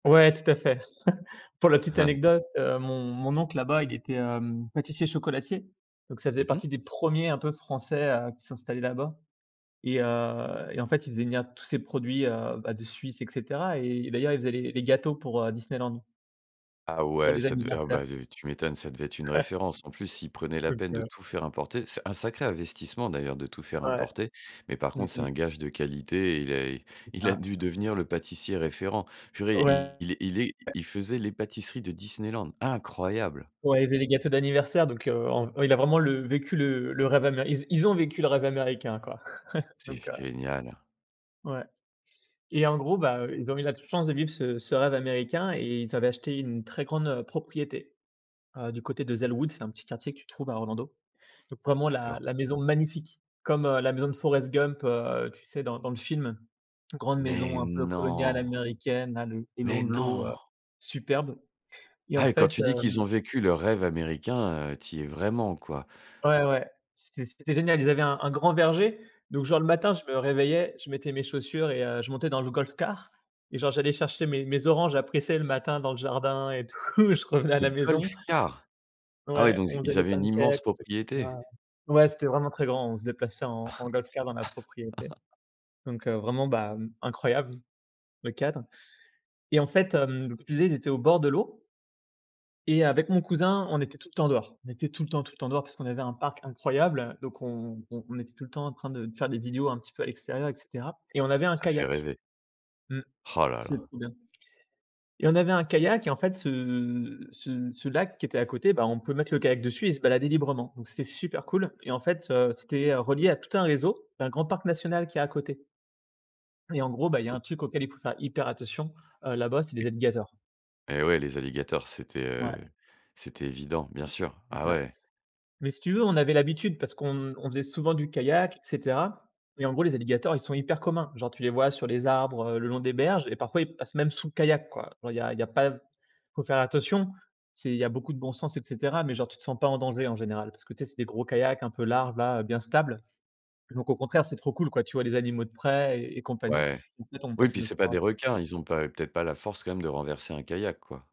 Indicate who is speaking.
Speaker 1: Ouais, tout à fait. Pour la petite anecdote, heu, mon mon oncle, là-bas, il était, hem, pâtissier-chocolatier. Donc ça
Speaker 2: Mmh
Speaker 1: faisait
Speaker 2: mh.
Speaker 1: partie des 1ers un peu de français, heu, qui s'installaient là-bas. Et heu et en fait, il faisait venir tout ces produits, heu, bah, de Suisse et cetera et d'ailleurs, ils faisaient les les gâteaux pour, heu, Disneyland.
Speaker 2: Ah
Speaker 1: Pour
Speaker 2: ouais,
Speaker 1: les
Speaker 2: ça devait oh
Speaker 1: anniversaires.
Speaker 2: beh, t tu m'étonnes, ça devait être une référence. En plus, s'il prenait la
Speaker 1: Donc,
Speaker 2: peine de
Speaker 1: heu.
Speaker 2: tout faire importer. C'est un sacré investissement d'ailleurs de tout faire
Speaker 1: Ouais,
Speaker 2: importer, mais par
Speaker 1: mmh
Speaker 2: contre, c'est un
Speaker 1: mh.
Speaker 2: gage de qualité et il est
Speaker 1: C'est
Speaker 2: Il a
Speaker 1: ça.
Speaker 2: dû devenir le pâtissier référent. Purée il
Speaker 1: Ouais.
Speaker 2: il est il faisait les pâtisseries de Disneyland. Incroyable!
Speaker 1: Ouais, ils faisait les gâteaux d'anniversaire donc, heu, en ouais il a vraiment le vécu le le rêve améri ils ils ont vécu le rêve américain quoi.
Speaker 2: C'est
Speaker 1: Donc, heu.
Speaker 2: génial.
Speaker 1: Ouais. Et en gros, bah, heu, ils ont eu la chance de vivre ce ce rêve américain et ils avaient acheté une très grande, heu, propriété, heu, du côté de Zellwood, c'est un petit quartier que tu trouves à Orlando. Donc vraiment la
Speaker 2: D'accord.
Speaker 1: la maison magnifique comme, heu, la maison de Forest Gump, heu, tu sais? Dans dans le film, grande
Speaker 2: Mais
Speaker 1: maison un peu coloniale
Speaker 2: non,
Speaker 1: américaine là, le long
Speaker 2: mais
Speaker 1: de l'eau,
Speaker 2: non.
Speaker 1: heu, superbe. Et en
Speaker 2: Ah et quand
Speaker 1: fait,
Speaker 2: tu dis qu'ils
Speaker 1: hem.
Speaker 2: ont vécu leur rêve américain, heu, tu y es vraiment quoi.
Speaker 1: Ouais, ouais, c'était c'était génial, ils avaient un un grand verger, donc genre le matin je me réveillais, je mettais mes chaussures et heu, je montais dans le golf car et genre j'allais chercher mes mes oranges à presser le matin dans le jardin et tout, je revenais à
Speaker 2: Le
Speaker 1: la
Speaker 2: golf
Speaker 1: maison.
Speaker 2: car? Ah ouais,
Speaker 1: Ouais,
Speaker 2: donc ils
Speaker 1: on faisait
Speaker 2: ils
Speaker 1: les
Speaker 2: avaient une
Speaker 1: pancakes,
Speaker 2: immense
Speaker 1: on faisait
Speaker 2: propriété.
Speaker 1: [unintelligible] ouais, c'était vraiment très grand, on se déplaçait en en golf car dans la propriété. Donc, heu, vraiment, bah, hem, incroyable le cadre. Et en fait, hem, [unintelligible] ils étaient au bord de l'eau. Et avec mon cousin, on était tout le temps dehors. On était tout le temps, tout le temps dehors parce qu'on avait un parc incroyable. Donc on on était tout le temps en train de faire les idiots un petit peu à l'extérieur et cetera. Et on avait un
Speaker 2: Ça fait
Speaker 1: kayak,
Speaker 2: rêver.
Speaker 1: mmh.
Speaker 2: Oh là
Speaker 1: C'était
Speaker 2: là.
Speaker 1: trop bien. Et on avait un kayak et en fait, ce ce ce lac qui était à côté, bah, on peut mettre le kayak dessus et se balader librement. Donc c'était super cool. Et en fait, heu, c'était, heu, relié à tout un réseau, un grand parc national qui est à côté. Et en gros, bah, il y un
Speaker 2: [unintelligible]
Speaker 1: truc auquel il faut faire hyper attention, heu, là-bas, c'est les
Speaker 2: [unintelligible]
Speaker 1: alligators.
Speaker 2: Et ouais, les alligators, c'était, heu,
Speaker 1: Ouais.
Speaker 2: c'était évident, bien sûr.
Speaker 1: C'est
Speaker 2: Ah
Speaker 1: ça.
Speaker 2: ouais.
Speaker 1: Mais si tu veux, on avait l'habitude parce qu'on on faisait souvent du kayak et cetera. Et en gros, les alligators, ils sont hyper communs. Genre tu les vois sur les arbres, heu, le long des berges et parfois ils passent même sous le kayak quoi. Genre il y a pas il a pas faut faire attention, c'est il y a beaucoup de bon sens et cetera, mais genre, tu te sens pas en danger en général parce que tu sais? C'est des gros kayaks un peu larges là, bien stables. Donc au contraire, c'est trop cool quoi tu vois les animaux de près et compagnie,
Speaker 2: Ouais,
Speaker 1: et en fait on
Speaker 2: oui et
Speaker 1: passait
Speaker 2: puis
Speaker 1: notre
Speaker 2: c'est pas
Speaker 1: temps à ça.
Speaker 2: des requins, ils ont pas peut-être pas la force quand même de renverser un kayak, quoi.